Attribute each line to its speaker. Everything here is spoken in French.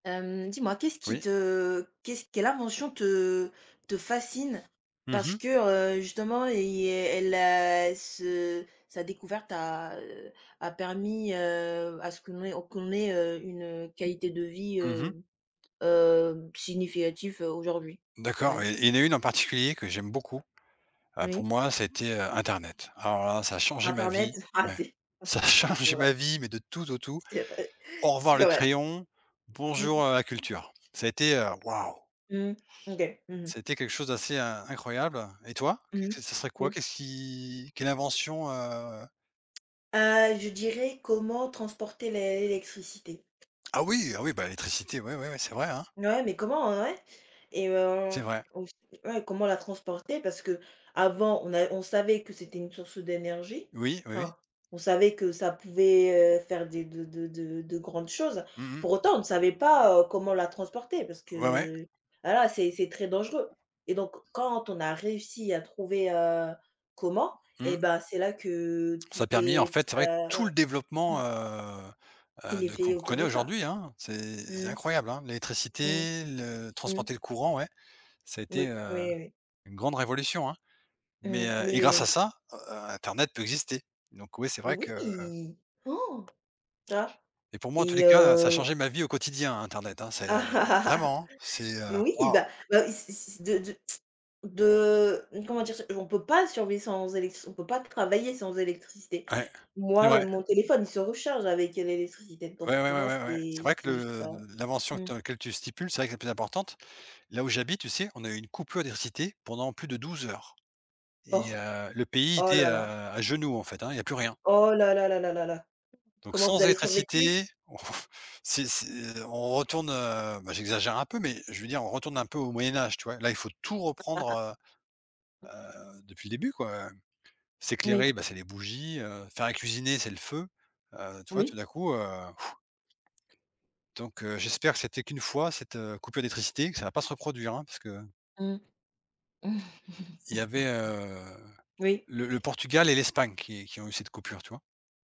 Speaker 1: Hem, dis-moi qu'est-ce qui
Speaker 2: Oui.
Speaker 1: te, qu'est-ce quelle invention te te fascine,
Speaker 2: Mmh
Speaker 1: parce
Speaker 2: mh.
Speaker 1: que, heu, justement, il est elle a ce sa découverte a, heu, a permis, heu, à ce qu'on ait qu'on ait, heu, une, heu, qualité de vie,
Speaker 2: Mmh mh.
Speaker 1: heu, heu, significative, heu, aujourd'hui?
Speaker 2: D'accord,
Speaker 1: Ouais.
Speaker 2: et et il y en a une en particulier que j'aime beaucoup: heu, pour
Speaker 1: Oui.
Speaker 2: moi ça a été, heu, internet. Alors là, ça a changé ma
Speaker 1: Internet?
Speaker 2: vie.
Speaker 1: Ah,
Speaker 2: Ouais.
Speaker 1: c'est
Speaker 2: Ça a
Speaker 1: c'est
Speaker 2: changé
Speaker 1: vrai.
Speaker 2: ma vie mais de tout au tout.
Speaker 1: C'est vrai,
Speaker 2: Au revoir
Speaker 1: c'est
Speaker 2: le
Speaker 1: vrai.
Speaker 2: crayon,
Speaker 1: Mmh mh.
Speaker 2: bonjour, heu, la culture. Ça a été, heu, waouh!
Speaker 1: Mmh. OK. Mmh mh.
Speaker 2: Ça a été quelque chose d'assez in incroyable. Et toi?
Speaker 1: Mmh mh,
Speaker 2: Qu'est-ce ce serait quoi?
Speaker 1: oui.
Speaker 2: Qu'est-ce qui, quelle invention, heu?
Speaker 1: Heu, je dirais comment transporter l'é électricité.
Speaker 2: Ah oui! Ah oui! Bah, l'électricité, ouais, ouais, ouais, c'est vrai, hein!
Speaker 1: Ouais, mais comment, heu, ouais. Et, heu,
Speaker 2: C'est vrai.
Speaker 1: aussi, ouais, comment la transporter parce qu'avant on a on savait que c'était une source d'énergie.
Speaker 2: Oui, oui.
Speaker 1: Enfin, on savait que ça pouvait, heu, faire des de de de de de grandes choses.
Speaker 2: Mmh mh.
Speaker 1: Pour autant, on ne savait pas, heu, comment la transporter, parce
Speaker 2: Ouais, ouais.
Speaker 1: que, voilà, c'est c'est très dangereux. Et donc, quand on a réussi à trouver, heu, comment, eh
Speaker 2: Mmh.
Speaker 1: ben, c'est là que
Speaker 2: Ça
Speaker 1: tout
Speaker 2: a permis, en
Speaker 1: est
Speaker 2: fait, c'est
Speaker 1: tout
Speaker 2: vrai,
Speaker 1: a Ouais.
Speaker 2: tout le développement,
Speaker 1: Mmh.
Speaker 2: heu, heu,
Speaker 1: Il est
Speaker 2: de
Speaker 1: fait
Speaker 2: qu'on
Speaker 1: autour
Speaker 2: connaît
Speaker 1: de ça.
Speaker 2: aujourd'hui, hein. C'est c'est
Speaker 1: Mmh
Speaker 2: incroyable, hein,
Speaker 1: mh. Mmh.
Speaker 2: l'électricité, le
Speaker 1: Mmh.
Speaker 2: transporter le courant, ouais. Ça a été,
Speaker 1: Oui,
Speaker 2: heu,
Speaker 1: oui, oui.
Speaker 2: une grande révolution, hein. Mais,
Speaker 1: Mmh,
Speaker 2: heu
Speaker 1: oui,
Speaker 2: et
Speaker 1: oui,
Speaker 2: grâce à
Speaker 1: oui.
Speaker 2: ça, heu, in internet peut exister. Donc oui, c'est vrai que, heu
Speaker 1: Oui! Tu vois?
Speaker 2: Et pour moi, en tous les
Speaker 1: Et,
Speaker 2: cas, heu, ça a
Speaker 1: heu
Speaker 2: changé ma vie au quotidien, internet, hein, c'est, heu vraiment, hein! C'est, heu,
Speaker 1: Oui,
Speaker 2: waouh!
Speaker 1: bah bah, si si si de de de comment dire ça? On peut pas survivre sans électric on peut pas travailler sans électricité.
Speaker 2: Ouais, c'est
Speaker 1: Moi, heu,
Speaker 2: vrai.
Speaker 1: mon téléphone, il se recharge avec, heu, l'électricité,
Speaker 2: Ouais,
Speaker 1: donc,
Speaker 2: ouais, ouais,
Speaker 1: pour moi,
Speaker 2: ouais, ouais. C'est
Speaker 1: c'est
Speaker 2: vrai que
Speaker 1: c'est juste
Speaker 2: le
Speaker 1: ça.
Speaker 2: l'invention
Speaker 1: Mmh.
Speaker 2: dans laquelle tu stipules, c'est vrai que c'est la plus importante. Là où j'habite, tu sais, on a eu une coupure d'électricité pendant plus de 12 heures et,
Speaker 1: Oh!
Speaker 2: heu, le pays
Speaker 1: Oh
Speaker 2: était,
Speaker 1: là
Speaker 2: heu,
Speaker 1: là!
Speaker 2: à genoux, en fait, hein, il y a plus rien.
Speaker 1: Oh là là là là là là.
Speaker 2: Donc,
Speaker 1: Comment vous
Speaker 2: sans
Speaker 1: avez
Speaker 2: électricité,
Speaker 1: survécu?
Speaker 2: c'est c'est, heu, on retourne, heu, bah, j'exagère un peu, mais je veux dire, on retourne un peu au Moyen-Âge, tu vois? Là, il faut tout
Speaker 1: [unintelligible]
Speaker 2: reprendre, heu, heu, depuis le début, quoi, heu.
Speaker 1: Oui.
Speaker 2: S'éclairer, bah, c'est les bougies, heu, faire à cuisiner, c'est le feu. Heu, tu vois,
Speaker 1: Oui.
Speaker 2: tout d'un coup, heu donc, heu, j'espère que c'était qu'une fois cette, heu, coupure d'électricité, que ça va pas se reproduire, hein, parce que
Speaker 1: Mmh.
Speaker 2: Il y avait, heu,
Speaker 1: Oui.
Speaker 2: le le Portugal et l'Espagne qui qui ont eu cette coupure, tu vois?